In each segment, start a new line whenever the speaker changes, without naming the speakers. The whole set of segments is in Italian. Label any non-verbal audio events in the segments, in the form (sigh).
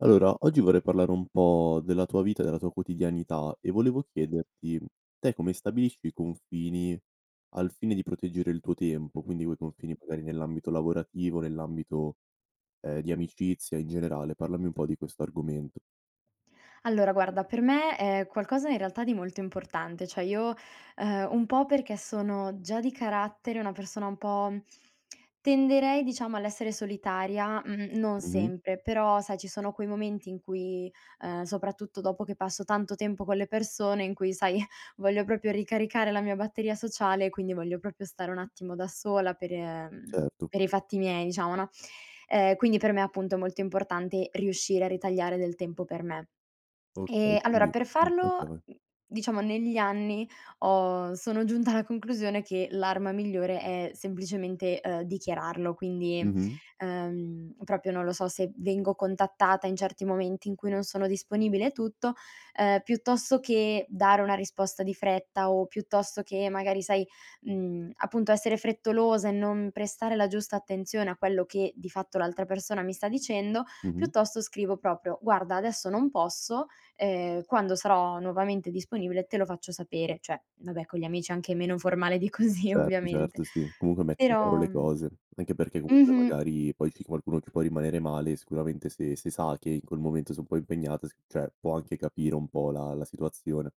Allora oggi vorrei parlare un po' della tua vita, della tua quotidianità e volevo chiederti: te come stabilisci i confini al fine di proteggere il tuo tempo? Quindi quei confini magari nell'ambito lavorativo, nell'ambito, ehm, di amicizia in generale, parlami un po' di questo argomento.
Allora guarda per me è qualcosa in realtà di molto importante, cioè io, ehm, un po' perché sono già di carattere una persona un po' (clicks tongue) tenderei diciamo all'essere solitaria, mhmm, non
Mh-mh.
sempre; però sai ci sono quei momenti in cui, ehm, soprattutto dopo che passo tanto tempo con le persone, in cui sai voglio proprio ricaricare la mia batteria sociale, quindi voglio proprio stare un attimo da sola per, ehm
Certo.
per i fatti miei diciamo, no. Ehm, quindi per me appunto è molto importante riuscire a ritagliare del tempo per me.
Okay
Ehm, allora
quindi
per
mh,
farlo,
okay vai.
mhmm, diciamo negli anni ho sono giunta alla conclusione che l'arma migliore è semplicemente, ehm, dichiararlo. Quindi,
Mh-mh.
ehm, proprio non lo so se vengo contattata in certi momenti in cui non sono disponibile e tutto, ehm, piuttosto che dare una risposta di fretta o piuttosto che magari sai, mhmm, appunto essere frettolosa e non prestare la giusta attenzione a quello che di fatto l'altra persona mi sta dicendo,
Mh-mh.
piuttosto scrivo proprio: "Guarda adesso non posso, ehm, quando sarò nuovamente disponibile te lo faccio sapere." Cioè vabbè, con gli amici anche meno formale di così
Certo,
ovviamente;
certo sì, comunque metti in chiaro
però,
le
mhmm
cose, anche perché comunque
mh-mh.
magari poi c'è qualcuno che può rimanere male, sicuramente se se sa che in quel momento sei un po' impegnata s cioè può anche capire un po' la la situazione.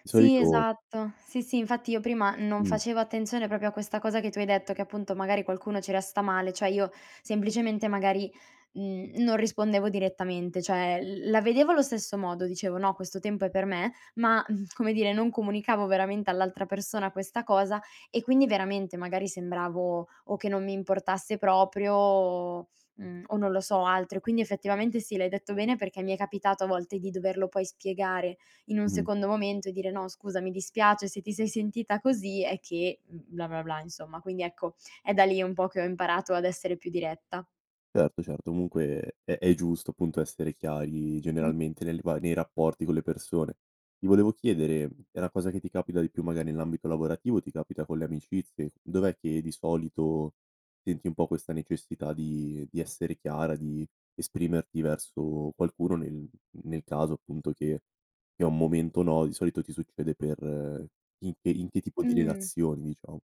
Di
Sì
solito
esatto. Sì, sì infatti io prima non
Mh.
facevo attenzione proprio a questa cosa che tu hai detto, che appunto magari qualcuno ci resta male. Cioè io semplicemente magari, mhmm, non rispondevo direttamente, cioè l la vedevo allo stesso modo, dicevo: "No questo tempo è per me", ma (chuckles) come dire non comunicavo veramente all'altra persona questa cosa e quindi veramente magari sembravo, o che non mi importasse proprio o, mhmm o non lo so, altro, e quindi effettivamente sì, l'hai detto bene perché mi è capitato a volte di doverlo poi spiegare in un
Mh-mh.
secondo momento e dire: "No scusa, mi dispiace se ti sei sentita così, è che, mhmm, bla, bla, bla" insomma. Quindi ecco, è da lì un po' che ho imparato ad essere più diretta.
Certo, certo comunque è è giusto, appunto, essere chiari
Mh.
generalmente nelle va nei rapporti con le persone. Ti volevo chiedere, è una cosa che ti capita di più magari nell'ambito lavorativo o ti capita con le amicizie? Dov'è che di solito senti un po' questa necessità di di essere chiara, di esprimerti verso qualcuno nel nel caso appunto che che è un momento no. Di solito ti succede per in per in che tipo di
Mh-mh.
relazioni diciamo?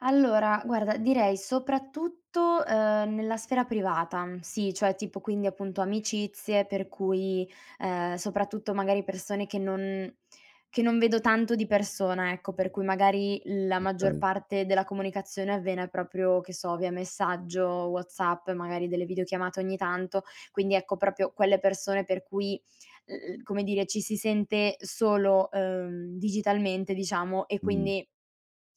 Allora guarda direi soprattutto, uhm, nella sfera privata, sì, cioè, tipo quindi appunto amicizie per cui, uhm, soprattutto magari persone che non che non vedo tanto di persona, ecco per cui magari la maggior
Okay.
parte della comunicazione avviene proprio che so via messaggio WhatsApp e magari delle videochiamate ogni tanto quindi, ecco, proprio quelle persone per cui l l come dire ci si sente solo, uhm, digitalmente diciamo e
Mh-mh.
quindi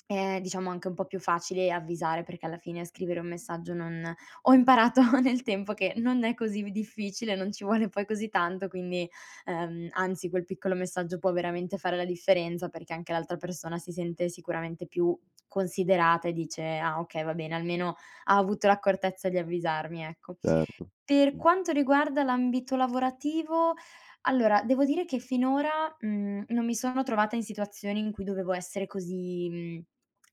è, diciamo, anche un po' più facile avvisare, perché alla fine scrivere un messaggio non ho imparato nel tempo che non è così v difficile non ci vuole poi così tanto quindi ehm, anzi quel piccolo messaggio può veramente fare la differenza, perché anche l'altra persona si sente sicuramente più considerata e dice: "Ah okay va bene, almeno ha avuto l'accortezza di avvisarmi." Ecco.
Certo,
Per
mh.
quanto riguarda l'ambito lavorativo, allora devo dire che finora, mhmm, non mi sono trovata in situazioni in cui dovevo essere così mhmm,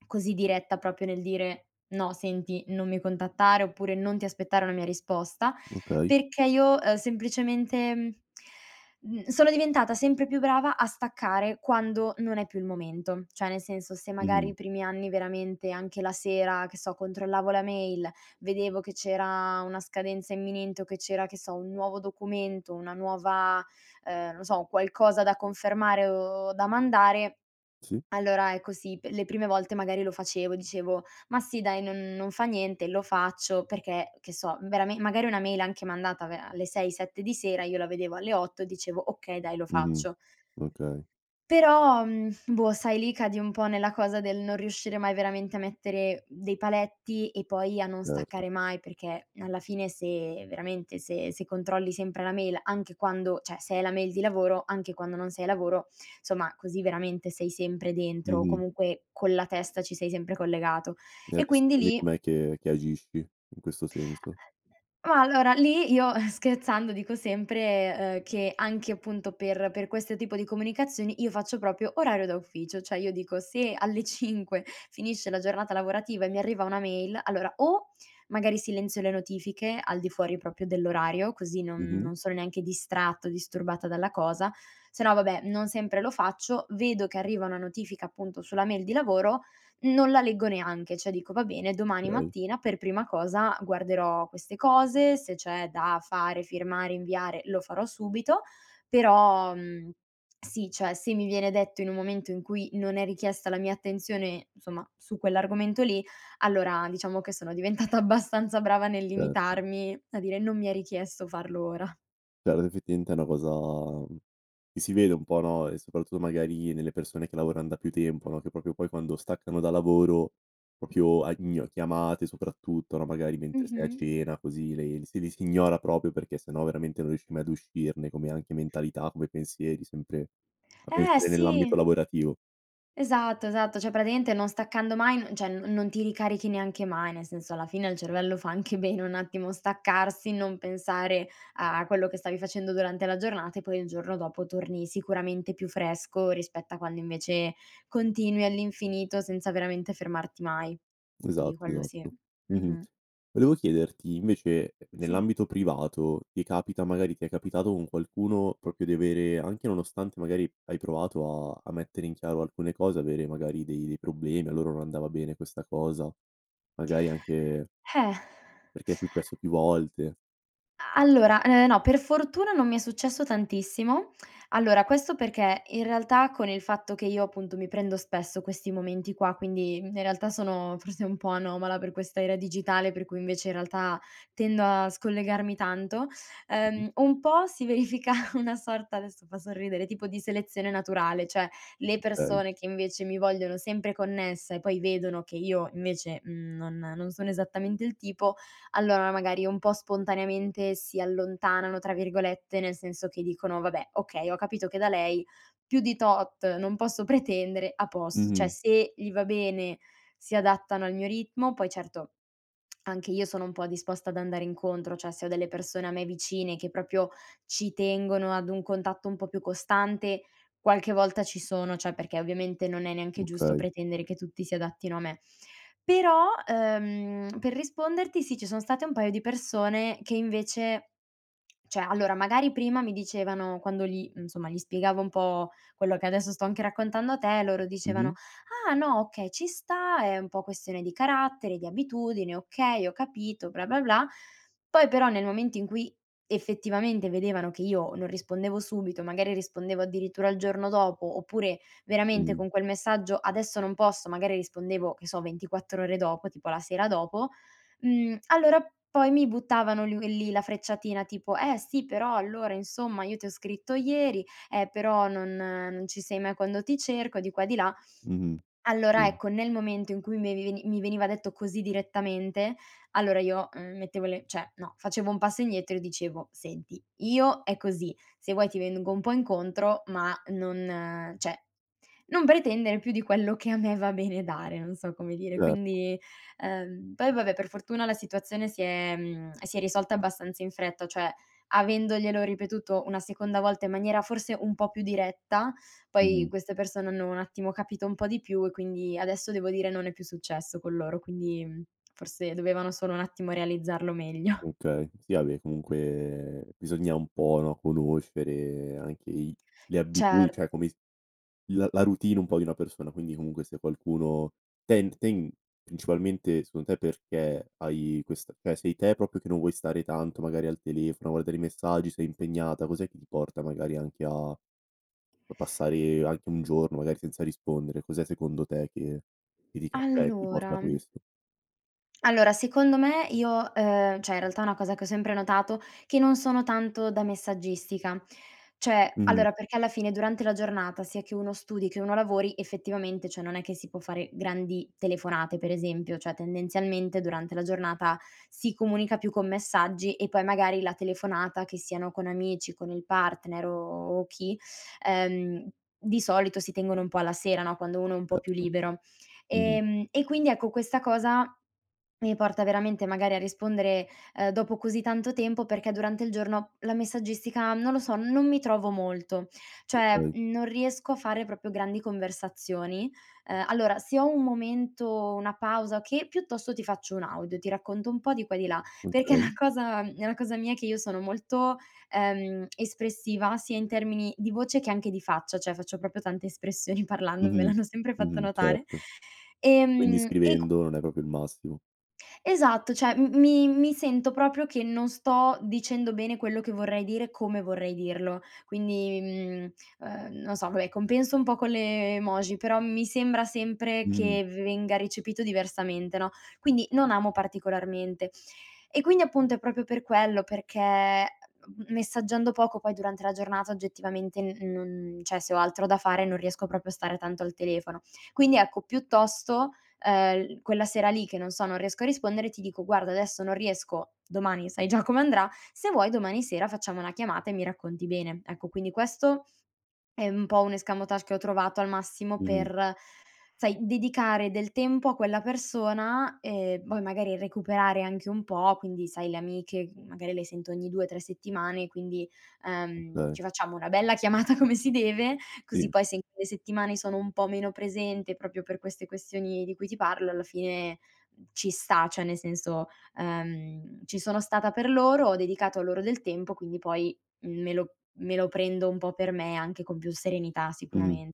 così diretta proprio nel dire: "No senti non mi contattare." Oppure "Non ti aspettare una mia risposta."
Okay.
Perché io, ehm, semplicemente, mhmm, sono diventata sempre più brava a staccare quando non è più il momento, cioè nel senso se magari
Mh-mh.
i primi anni veramente anche la sera, che so, controllavo la mail, vedevo che c'era una scadenza imminente o che c'era, che so, un nuovo documento, una nuova uhm, non lo so qualcosa da confermare o da mandare,
Sì.
allora ecco sì, p le prime volte magari lo facevo dicevo: "Ma sì dai non non fa niente, lo faccio." Perché, che so, vera magari una mail anche mandata ve alle 6, 7 di sera io la vedevo alle 8 dicevo: "Okay dai lo
Mh-mh,
faccio."
okay.
Però, mhmm, boh, sai lì cadi un po' nella cosa del non riuscire mai veramente a mettere dei paletti, e poi a non
Certo.
staccare mai perché alla fine se veramente se se controlli sempre la mail, anche quando cioè se hai la mail di lavoro anche quando non sei a lavoro, insomma così veramente sei sempre dentro o
Mh-mh.
comunque con la testa ci sei sempre collegato
E
e
adesso
quindi
quindi
lì
com'è che che agisci in questo senso?
(unintelligible) Ma allora lì io, eh, scherzando, dico sempre, uhm, che anche appunto per per questo tipo di comunicazioni io faccio proprio orario da ufficio, cioè io dico se alle 5 finisce la giornata lavorativa e mi arriva una mail allora, o magari silenzio le notifiche al di fuori proprio dell'orario, così non
Mh-mh.
non sono neanche distratto o disturbata dalla cosa, se no vabbè non sempre lo faccio, vedo che arriva una notifica, appunto, sulla mail di lavoro, non la leggo neanche, cioè dico: "Va bene, domani
Okay.
mattina per prima cosa guarderò queste cose, se c'è da fare, firmare, inviare lo farò subito." Però, mhmm, sì, cioè, se mi viene detto in un momento in cui non è richiesta la mia attenzione, insomma, su quell'argomento lì allora diciamo che sono diventata abbastanza brava nel
Certo.
limitarmi a dire: "Non mi è richiesto farlo ora."
Cioè (unintelligible) è una cosa, mhmm, che si vede un po' no? E soprattutto magari nelle persone che lavoran da più tempo no, che proprio poi quando staccano da lavoro proprio a in chiamate soprattutto no? Magari mentre sei a
Mh-mh.
cena così le le si le si ignora, proprio, perché sennò veramente non riesci mai ad uscirne, come anche mentalità, come pensieri sempre a
Eh,
pensare
sì.
nell'ambito lavorativo.
Esatto, esatto, cioè praticamente non staccando mai n cioè non non ti ricarichi neanche mai, nel senso alla fine al cervello fa anche bene un attimo staccarsi, non pensare a quello che stavi facendo durante la giornata e poi il giorno dopo torni, sicuramente, più fresco rispetto a quando invece continui all'infinito, senza veramente fermarti mai. Quindi
Esatto,
quello sì.
esatto, mh-mh.
Mh-mh.
Volevo chiederti invece
Sì.
nell'ambito privato ti capita magari ti è capitato con qualcuno proprio di avere, anche nonostante magari hai provato a a mettere in chiaro alcune cose, avere magari dei dei problemi a loro non andava bene questa cosa, magari anche
Eh. (sighs)
perché è successo più volte.
A allora, eh, no per fortuna non mi è successo tantissimo; allora questo perché in realtà con il fatto che io, appunto, mi prendo spesso questi momenti qua, quindi in realtà sono forse un po' anomala per questa era digitale, per cui invece in realtà tendo a scollegarmi tanto,
Mh-mh.
uhm, un po' si verifica una sorta adesso fa sorridere, tipo di selezione naturale, cioè le
Okay.
persone che invece mi vogliono sempre connessa e poi vedono che io, invece, mhmm, non non sono esattamente il tipo, allora magari un po' spontaneamente "si allontanano", tra virgolette, nel senso che dicono: "Vabbè okay, ho capito che da lei più di tot non posso pretendere, a posto." Cioè
Mh-mh.
se gli va bene si adattano al mio ritmo; poi certo anche io sono un po' disposta ad andare incontro, cioè se ho delle persone a me vicine che proprio ci tengono ad un contatto un po' più costante, qualche volta ci sono, cioè perché, ovviamente, non è neanche giusto
Okay.
pretendere che tutti si adattino a me. Però, uhm, per risponderti, sì ci sono state un paio di persone che invece cioè allora magari prima mi dicevano quando gli insomma gli spiegavo un po' quello che adesso sto anche raccontando a te loro dicevano:
Mh-mh.
"Ah no, okay, ci sta è un po' questione di carattere, di abitudine, okay ho capito, bla, bla, bla." Poi però nel momento in cui effettivamente vedevano che io non rispondevo subito, magari rispondevo addirittura al giorno dopo, oppure veramente
Mh.
con quel messaggio: "Adesso non posso." Magari rispondevo che so 24 ore dopo, tipo la sera dopo, mhmm, allora poi mi buttavano (unintelligible) lì la frecciatina tipo: "Eh sì, però allora, insomma, io ti ho scritto ieri, eh però non non ci sei mai quando ti cerco." Di qua e di là,
Mh-mh,
allora
mh.
ecco, nel momento in cui me veni mi veniva detto così direttamente, allora io, uhm, mettevo le cioè no, facevo un passo indietro e dicevo: "Senti, io è così se vuoi ti vengo un po' incontro ma non cioè non pretendere più di quello che a me va bene dare." Non so come dire,
Certo.
quindi ehm poi vabbè per fortuna la situazione si è mhmm, si è risolta abbastanza in fretta, cioè avendoglielo ripetuto una seconda volta in maniera, forse, un po' più diretta poi
Mh-mh.
queste persone hanno un attimo capito un po' di più e quindi adesso, devo dire, non è più successo con loro, quindi forse dovevano solo un attimo realizzarlo meglio.
Okay, sì vabbè comunque bisogna un po', no, conoscere anche i le abitu cioè
Certo.
come s la la routine un po' di una persona quindi comunque se qualcuno tend ten principalmente secondo te perché hai questa cioè sei te proprio che non vuoi stare tanto magari al telefono a guardare i messaggi, sei impegnata, cos'è che ti porta magari anche a a passare anche 1 giorno magari senza rispondere, cos'è secondo te che ti c che ti porta a
Allora
questo?
allora secondo me io uhm, cioè in realtà è una cosa che ho sempre notato, che non sono tanto da messaggistica, cioè,
Mh-mh.
allora perché alla fine durante la giornata, sia che uno studi, che uno lavori, effettivamente, cioè, non è che si può fare grandi telefonate per esempio, cioè tendenzialmente durante la giornata si comunica più con messaggi e poi, magari, la telefonata, che siano con amici, con il partner o chi ehm di solito si tengono un po' alla sera no, quando uno è un po' più
Certo,
libero,
mh-mh.
ehm, e quindi, ecco, questa cosa mi porta veramente magari a rispondere, uhm, dopo così tanto tempo perché durante il giorno la messaggistica non lo so non mi trovo molto. Cioè,
Okay.
mhmm, non riesco a fare proprio grandi conversazioni. Uhm, allora se ho un momento, una pausa che piuttosto ti faccio un audio, ti racconto un po' di qua e di là, perché è
Okay.
una cosa è una cosa mia che io sono molto, ehm, espressiva sia in termini di voce che anche di faccia, cioè faccio proprio tante espressioni parlando me
Mh-mh,
l'hanno sempre fatto
mh-mh,
notare,
certo. Quindi
ehm, e q
scrivendo non è proprio il massimo.
Esatto, cioè m mi mi sento proprio che non sto dicendo bene quello che vorrei dire, come vorrei dirlo quindi, mhmm, uhm, non so vabbè compenso un po' con le emoji, però mi sembra sempre
Mh-mh.
che venga recepito diversamente no? Quindi non amo particolarmente e, quindi appunto, è proprio per quello, perché me messaggiando poco poi durante la giornata oggettivamente n non cioè se ho altro da fare non riesco proprio a stare tanto al telefono. Quindi ecco, piuttosto, ehm, l quella sera lì che non so non riesco a rispondere ti dico: "Guarda adesso non riesco domani, sai già come andrà, se vuoi domani sera facciamo una chiamata e mi racconti bene." Ecco quindi questo è un po' un escamotage che ho trovato al massimo
Mh-mh.
per, sai, dedicare del tempo a quella persona e poi magari recuperare anche un po', quindi, sai, le amiche magari le sento ogni 2, 3 settimane quindi, ehm,
Okay.
ci facciamo una bella chiamata come si deve così
Sì.
poi se in quelle settimane sono un po' meno presente, proprio per queste questioni di cui ti parlo, alla fine ci sta, cioè nel senso, uhm, ci sono stata per loro ho dedicato a loro del tempo, quindi poi me lo me lo prendo un po' per me, anche con più serenità
Mh-mh,
sicuramen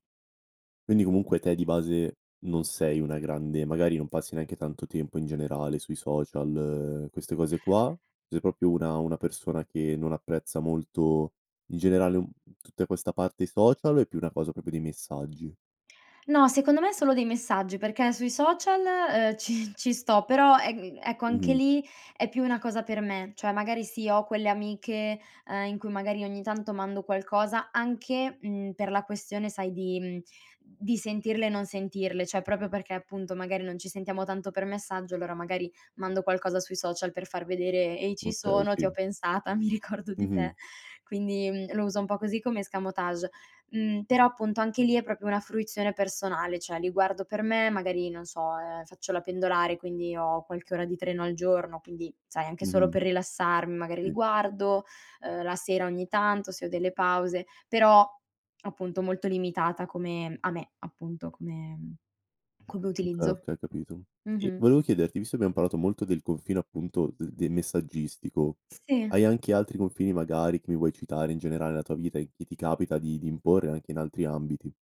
quindi comunque te di base non sei una grande magari non passi neanche tanto tempo in generale sui social queste cose qua, sei proprio una una persona che non apprezza molto in generale, mhmm, tutta questa parte, i social o è più una cosa proprio dei messaggi?
No, secondo me solo dei messaggi, perché sui social, uhm, ci ci sto però, ehm, ecco anche
Mh-mh.
lì è più una cosa per me, cioè magari sì ho quelle amiche, ehm, in cui magari ogni tanto mando qualcosa anche, mhmm, per la questione sai di mhmm, di sentirle e non sentirle, cioè proprio perché appunto magari non ci sentiamo tanto per messaggio, allora magari mando qualcosa sui social per far vedere: "Ehi ci
Okay,
sono ti
sì.
ho pensata mi ricordo di
Mh-mh.
te." Quindi, mhmm, lo uso un po' così come escamotage mhmm, però appunto anche lì è proprio una fruizione personale, cioè li guardo per me magari non so, ehm, faccio la pendolare quindi ho qualche ora di treno al giorno, quindi sai anche solo
Mh-mh.
per rilassarm magari li
Sì.
guardo, uhm, la sera ogni tanto se ho delle pause. Però appunto molto limitata come a me appunto, come come
Okay,
utilizzo,
okay ho capito e
mh-mh.
volevo chiederti visto che abbiam parlato molto del confine, appunto, de del messaggistico
Sì.
hai anche altri confini magari che mi vuoi citare, in generale nella tua vita, e che ti capita di di imporre anche in altri ambiti?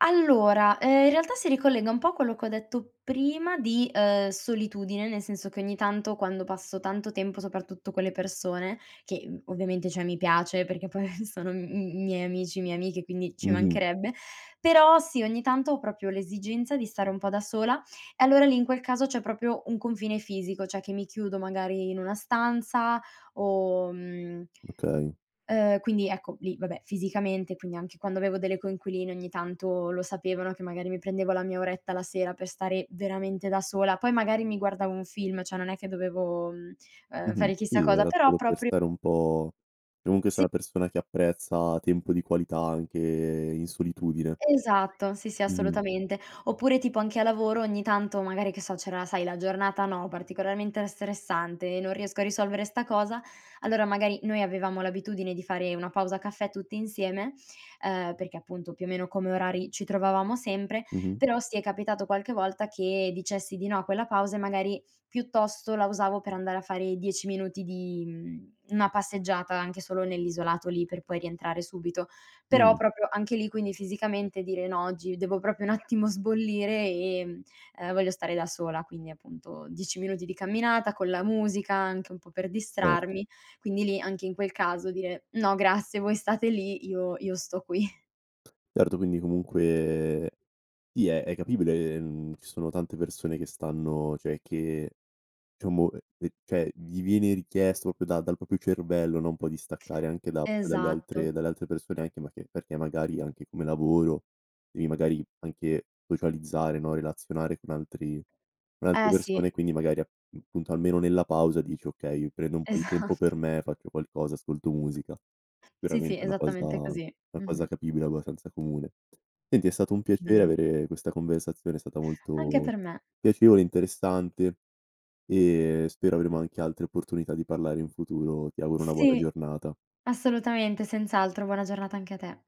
Allora, uhm, in realtà si ricollega un po' a quello che ho detto prima di, uhm, solitudine, nel senso che ogni tanto quando passo tanto tempo, soprattutto con le persone, che, mhmm, ovviamente cioè mi piace perché poi sono m m miei amici, mie amiche, quindi ci
Mh-mh.
mancherebbe, però sì ogni tanto ho proprio l'esigenza di stare un po' da sola e allora lì in quel caso, c'è proprio un confine fisico, cioè che mi chiudo magari in una stanza o, mhmm
Okay.
uhm, quindi ecco, lì vabbè, fisicamente, quindi anche quando avevo delle coinquiline ogni tanto lo sapevano, che magari mi prendevo la mia oretta la sera per stare veramente da sola, poi magari mi guardavo un film, cioè non è che dovevo, mhmm, uhm,
Mh-mh,
fare chissà
sì
cosa
era
però
solo per
propri
stare un po' comunque sei
Sì.
una persona che apprezza tempo di qualità anche in solitudine.
Esatto, sì, sì,
Mh-mh.
assolutamente. Oppure tipo anche a lavoro ogni tanto magari, che so c'era la sai, la giornata no, particolarmente era stressante, "Non riesco a risolvere 'sta cosa." Allora magari noi avevamo l'abitudine di fare una pausa caffè tutti insieme, uhm, perché appunto più o meno come orari, ci trovavamo sempre,
Mh-mh.
però sì, è capitato qualche volta che dicessi di no a quella pausa e magari piuttosto la usavo per andare a fare 10 minuti di, mhmm, una passeggiata anche solo nell'isolato lì per poi rientrare subito; però
Mh.
proprio anche lì, quindi, fisicamente dire: "No oggi devo proprio un attimo sbollire, ehm, ehm, voglio stare da sola." Quindi appunto 10 minuti di camminata con la musica anche un po' per
Certo.
distrarmi, quindi lì, anche in quel caso, dire: "No grazie voi state lì io io sto qui."
Certo quindi comunque sì è è capibile, mhmm, ci sono tante persone che stanno cioè che, diciamo, uhm, ehm, cioè gli viene richiesto proprio da dal proprio cervello, no, un po' di staccare anche da proprio dalle
Esatto.
altre dalle altre persone anche ma che perché magari anche come lavoro devi magari anche socializzare no, relazionare con antri con altre
Eh sì.
persone e quindi magari appunto almeno nella pausa dici: "Okay mi prendo un po' di tempo per
Esatt
me, faccio qualcosa, ascolto musica."
Sì,
Veramente
sì
è una cosa
esattamente così,
una cosa
mh-mh.
capibile abbastanza comune. Senti è stato un piacere
Bene.
avere questa conversazione è stata
Anche
molto
per me.
piacevole, interessante e spero avremo anche altre opportunità di parlare in futuro. Ti auguro una buona
Sì,
giornata.
assolutamente senz'altro, buona giornata anche a te.